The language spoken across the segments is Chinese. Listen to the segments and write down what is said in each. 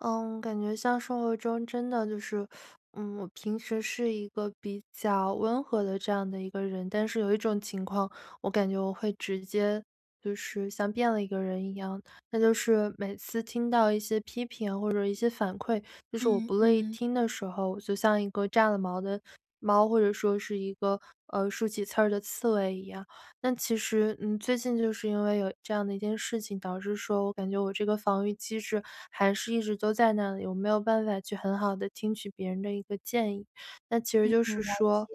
嗯，感觉像生活中真的就是，嗯，我平时是一个比较温和的这样的一个人，但是有一种情况我感觉我会直接就是像变了一个人一样。那就是每次听到一些批评或者一些反馈，就是我嗯，不乐意嗯。听的时候，我就像一个炸了毛的猫，或者说是一个，呃，竖起刺儿的刺猬一样。但其实，嗯，最近就是因为有这样的一件事情，导致说我感觉我这个防御机制还是一直都在那里，我没有办法去很好地听取别人的一个建议。那其实嗯，就是了解。说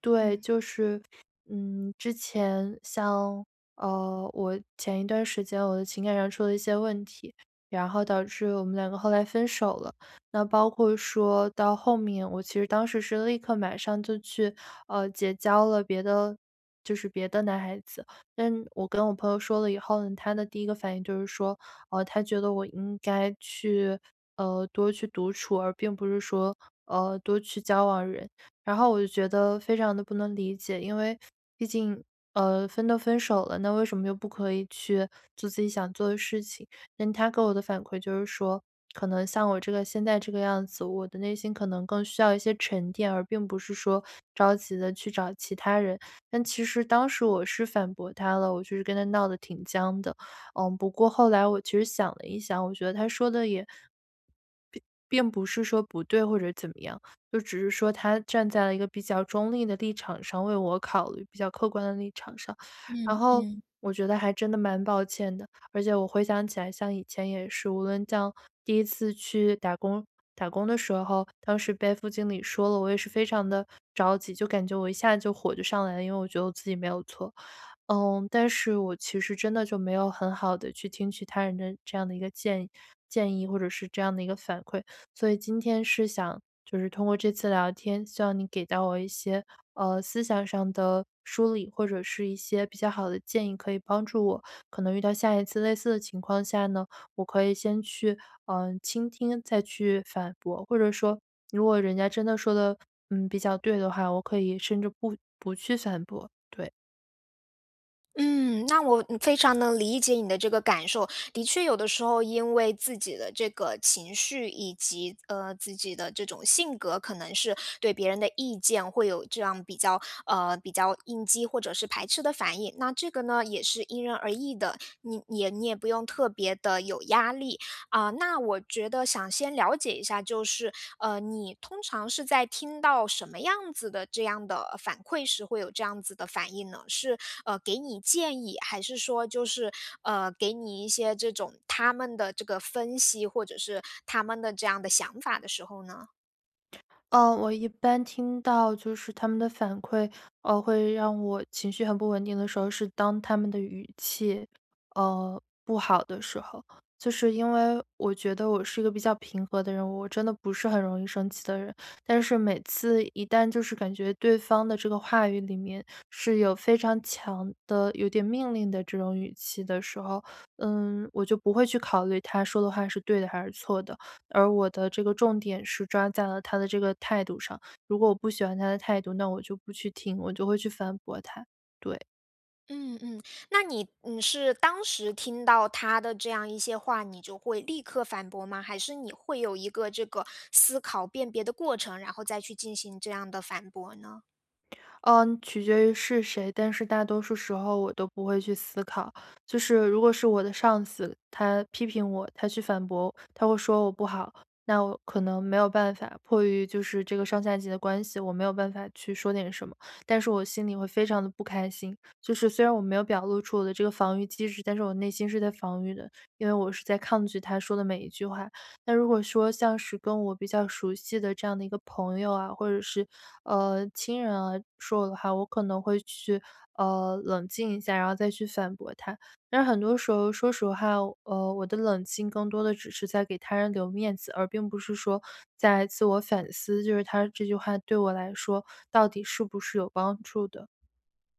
对，嗯。就是，嗯，之前像，呃，我前一段时间我的情感上出了一些问题，然后导致我们两个后来分手了，那包括说到后面，我其实当时是立刻马上就去，呃，结交了别的就是别的男孩子。但我跟我朋友说了以后，她的第一个反应就是说，呃，她觉得我应该去，呃，多去独处，而并不是说，呃，多去交往人。然后我就觉得非常地不能理解，因为毕竟，呃，分都分手了，那为什么又不可以去做自己想做的事情？那她给我的反馈就是说可能像我这个现在这个样子我的内心可能更需要一些沉淀，而并不是说着急的去找其他人。但其实当时我是反驳她了，我就是跟她闹得挺僵的。嗯，不过后来我其实想了一想，我觉得她说的也并并不是说不对，或者怎么样，就只是说她站在了一个比较中立的立场上，为我考虑，比较客观的立场上。然嗯，后嗯。我觉得还真的蛮抱歉的，而且我回想起来像以前也是，无论像第1次去打工打工的时候当时被副经理说了，我也是非常的着急就感觉我一下子就火就上来了，因为我觉得我自己没有错。呃，但是我其实真的就没有很好的去听取他人的这样的一个建议建议，或者是这样的一个反馈。所以今天是想就是通过这次聊天，希望你给到我一些，呃，思想上的梳理或者是一些比较好的建议可以帮助我，可能遇到下一次类似的情况下呢，我可以先去，呃，倾听再去反驳，或者说如果人家真的说得，嗯，比较对的话我可以甚至不不去反驳，对。嗯，那我嗯，非常能理解你的这个感受，的确有的时候因为自己的这个情绪，以及，呃，自己的这种性格，可能是对别人的意见会有这样比较，呃，比较应激或者是排斥的反应。那这个呢，也是因人而异的，你你也你也不用特别地有压力。呃，那我觉得想先了解一下，就是，呃，你通常是在听到什么样子的这样的反馈时会有这样子的反应呢？是，呃，给你建议还是说就是，呃，给你一些这种他们的这个分析，或者是他们的这样的想法的时候呢？呃，我一般听到就是他们的反馈，呃，会让我情绪很不稳定的时候，是当他们的语气，呃，不好的时候。就是因为我觉得我是一个比较平和的人，我真的不是很容易生气的人，但是每次一旦就是感觉对方的这个话语里面是有非常强的有点命令的这种语气的时候，嗯，我就不会去考虑他说的话是对的还是错的，而我的这个重点是抓在了他的这个态度上。如果我不喜欢他的态度，那我就不去听，我就会去反驳他，对。嗯嗯，那你你是当时听到他的这样一些话，你就会立刻反驳吗？还是你会有一个这个思考辨别的过程，然后再去进行这样的反驳呢？呃，取决于是谁，但是大多数时候我都不会去思考。就是如果是我的上司，他批评我，他去反驳，他会说我不好，那我可能没有办法，迫于就是这个上下级的关系，我没有办法去说点什么。但是我心里会非常地不开心，就是虽然我没有表露出我的这个防御机制，但是我内心是在防御的，因为我是在抗拒他说的每一句话。那如果说，像是跟我比较熟悉的这样的一个朋友啊，或者是，呃，亲人啊，说我的话，我可能会去，呃，冷静一下，然后再去反驳他。但是很多时候，说实话，呃，我的冷静更多地只是在给他人留面子，而并不是说在自我反思，就是他这句话对我来说，到底是不是有帮助的。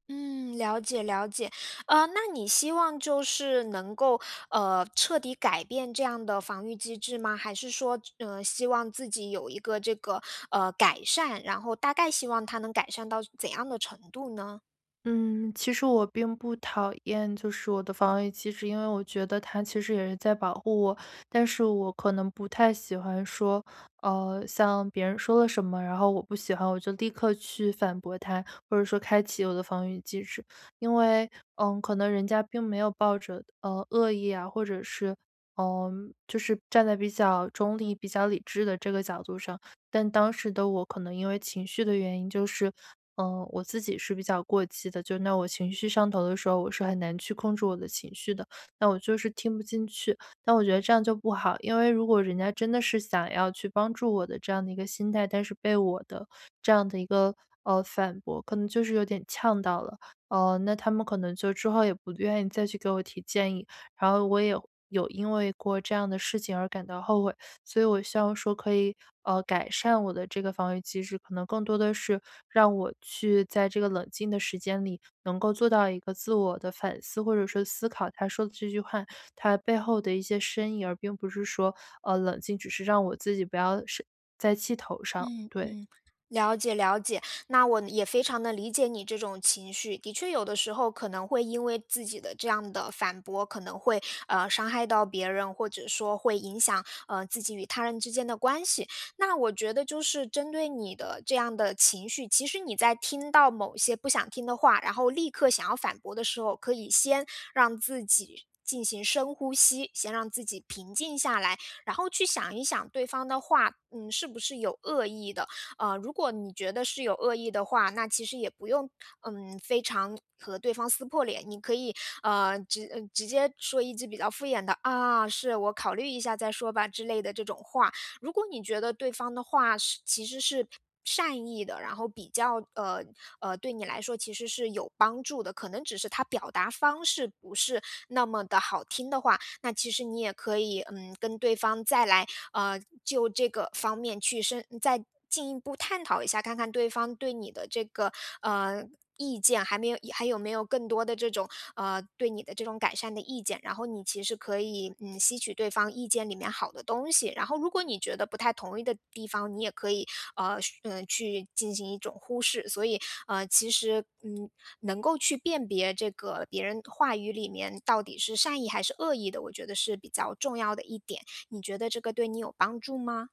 嗯，了解了解，呃，那你希望就是能够，呃，彻底改变这样的防御机制吗？还是说，这呃，希望自己有一个这个，呃，改善，然后大概希望它能改善到怎样的程度呢？嗯，其实我并不讨厌就是我的防御机制，因为我觉得它其实也是在保护我，但是我可能不太喜欢说呃，像别人说了什么，然后我不喜欢，我就立刻去反驳他，或者说开启我的防御机制。因为，呃，可能人家并没有抱着，呃，恶意啊，或者是，呃，就是站在比较中立，比较理智的这个角度上。但当时的我可能因为情绪的原因，就是，呃，我自己是比较过激的，就因为我情绪上头的时候，我是很难去控制我的情绪的，那我就是听不进去，那我觉得这样就不好。因为如果人家真的是，想要去帮助我的这样的一个心态，但是被我的这样的一个，呃，反驳，可能就是有点呛到了，呃，那他们可能就之后也不愿意再去给我提建议，然后我也有有因为过这样的事情而感到后悔。所以我希望说可以，呃，改善我的这个防御机制，可能更多地是，让我去在这个冷静的时间里，能够做到一个自我地反思，或者说思考他说的这句话，它背后的一些深意。而并不是说，呃，冷静只是让我自己不要生在气头上，嗯对。嗯，了解了解，那我呢，也非常地理解你这种情绪。的确有的时候，可能会因为自己的这样的反驳，可能会，呃，伤害到别人，或者说会影响，呃，自己与他人之间的关系。那我觉得，就是针对你的这样的情绪，其实你在听到某些不想听的话，然后立刻想要反驳的时候，可以先让自己进行深呼吸，先让自己平静下来，然后去想一想对方的话，嗯，是不是有恶意的。呃，如果你觉得是有恶意的话，那其实也不用，嗯，非常和对方撕破脸，你可以，呃，直呃，直接说一句比较敷衍的：“啊，是，我考虑一下再说吧。”之类的这种话。如果你觉得对方的话是其实是善意的，然后比较呃，呃，对你来说其实是有帮助的，可能只是他表达方式不是那么地好听的话，那其实你也可以，嗯，跟对方再来，呃，就这个方面去深再进一步探讨一下，看看对方对你的这个，呃，意见还没有还有没有更多的这种呃，对你的这种改善的意见，然后你其实可以，嗯，吸取对方意见里面好的东西。然后如果你觉得不太同意的地方，你也可以，呃，续嗯，去进行一种忽视。所以，呃，其实嗯，能够去辨别这个别人话语里面，到底是善意还是恶意的，我觉得是比较重要的一点，你觉得这个对你有帮助吗？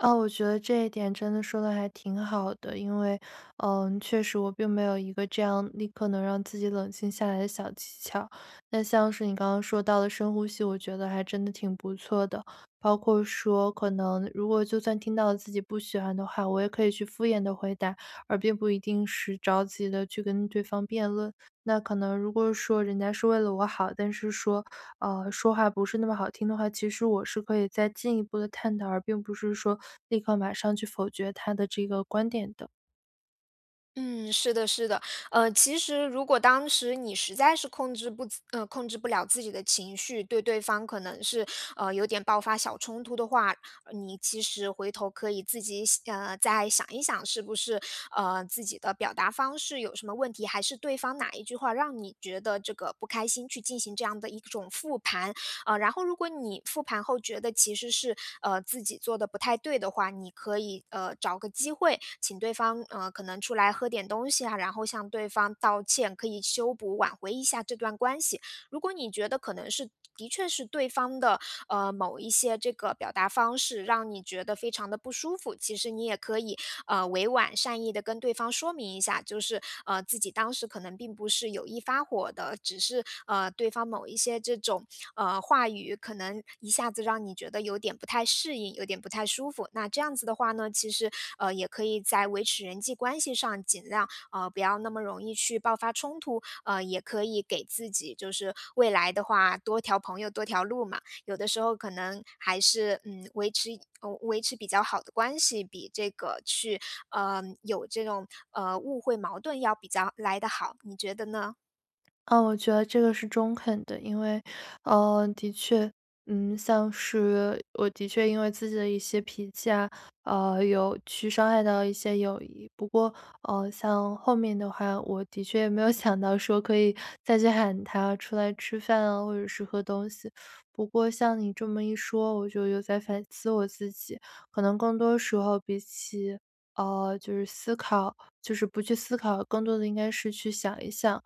啊，我觉得这一点真的说得还挺好的，因为，呃，确实我并没有一个这样立刻能让自己冷静下来的小技巧。那像是你刚刚说到了深呼吸，我觉得还真的挺不错的，包括说，可能如果就算听到了自己不喜欢的话，我也可以去敷衍地回答，而并不一定是着急地去跟对方辩论。那可能如果说人家是为了我好，但是说，呃，说话不是那么好听的话，其实我是可以再进一步地探讨而并不是说立刻马上去否决他的这个观点的。嗯，是的是的，呃，其实如果当时你实在是控制不呃，控制不了自己的情绪，对对方可能是，呃，有点爆发小冲突的话，呃，你其实回头可以自己想再想一想，是不是，呃，自己的表达方式有什么问题，还是对方哪一句话让你觉得这个不开心，去进行这样的一种复盘。呃，然后如果你复盘后觉得其实是，呃，自己做的不太对的话，你可以，呃，找个机会，请对方，呃，可能出来喝点东西啊，然后向对方道歉，可以修补，挽回一下这段关系。如果你觉得可能是的确是对方的，呃，某一些这个表达方式让你觉得非常地不舒服，其实你也可以，呃，委婉善意地跟对方说明一下，就是，呃，自己当时可能并不是有意发火的，只是，呃，对方某一些这种，呃，话语，可能一下子让你觉得有点不太适应，有点不太舒服。那这样子的话呢，其实，呃，也可以在维持人际关系上尽量，呃，不要那么容易去爆发冲突，呃，也可以给自己就是未来的话，多条朋友多条路嘛，有的时候可能还是，嗯，维持呃，维持比较好的关系，比这个去，呃，有这种，呃，误会矛盾要比较来得好，你觉得呢？呃，我觉得这个是中肯的。因为，呃，的确，嗯，像是我的确因为自己的一些脾气啊，呃，有去伤害到一些友谊。不过，呃，像后面的话，我的确也没有想到说可以，再去喊他出来吃饭啊，或者是喝东西。不过像你这么一说，我就有在反思我自己，可能更多时候比起，呃，就是思考，就是不去思考，更多的应该是去想一想，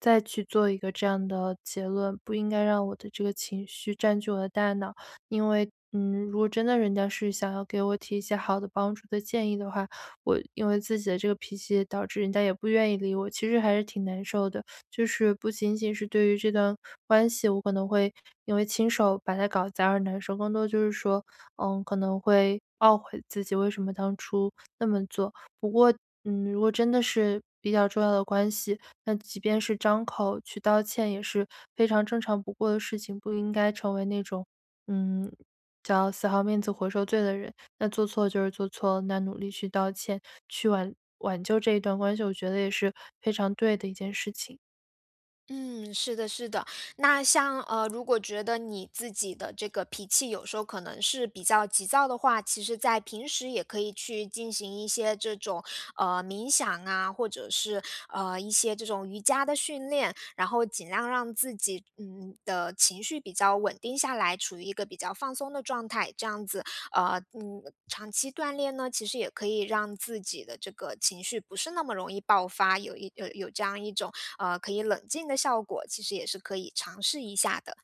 再去做一个这样的结论。不应该让我的这个情绪占据我的大脑，因为，嗯，如果真的人家是想要给我提一些好的帮助的建议的话，我因为自己的这个脾气也导致人家也不愿意理我，其实还是挺难受的。就是不仅仅是对于这段关系，我可能会因为亲手把它搞砸而难受，更多的就是说，呃，可能会懊悔自己为什么当初那么做。不过，嗯，如果真的是比较重要的关系，那即便是张口去道歉，也是非常正常不过的事情。不应该成为那种，嗯，叫死好面子活受罪的人，那做错了就是做错了，那努力去道歉去挽挽救这一段关系，我觉得也是非常对的一件事情。嗯，是的是的，那像，呃，如果觉得你自己的这个脾气有时候可能是比较急躁的话，其实在平时也可以去进行一些这种，呃，冥想啊，或者是，呃，一些这种瑜伽的训练。然后尽量让自己，嗯，的情绪比较稳定下来，处于一个比较放松的状态。这样子，呃，嗯，长期锻炼呢，其实也可以让自己的这个情绪不是那么容易爆发，有一呃，有这样一种可以冷静的效果，其实也是可以尝试一下的。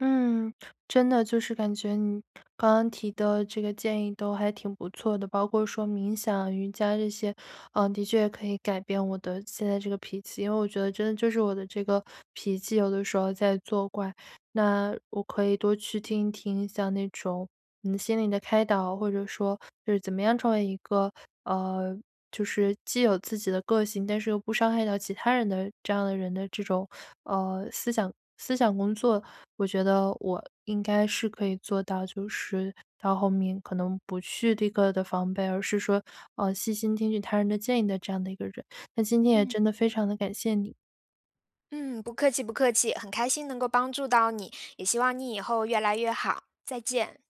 嗯，真的，就是感觉你刚刚提的这个建议都还挺不错的，包括说冥想瑜伽这些。呃，的确可以改变我的现在这个脾气，因为我觉得真的就是我的这个脾气，有的时候在作怪。那我可以多去听一听像那种，嗯，心理的开导，或者说就是怎么样成为一个，呃，就是既有自己的个性，但是又不伤害到其他人的这样的人的这种，呃，思想思想工作，我觉得我应该是可以做到，就是到后面可能不去第一个的防备，而是说，呃，细心听取他人的建议的这样的一个人。那今天也嗯。真的非常地感谢你。嗯，不客气不客气，很开心能够帮助到你，也希望你以后越来越好，再见。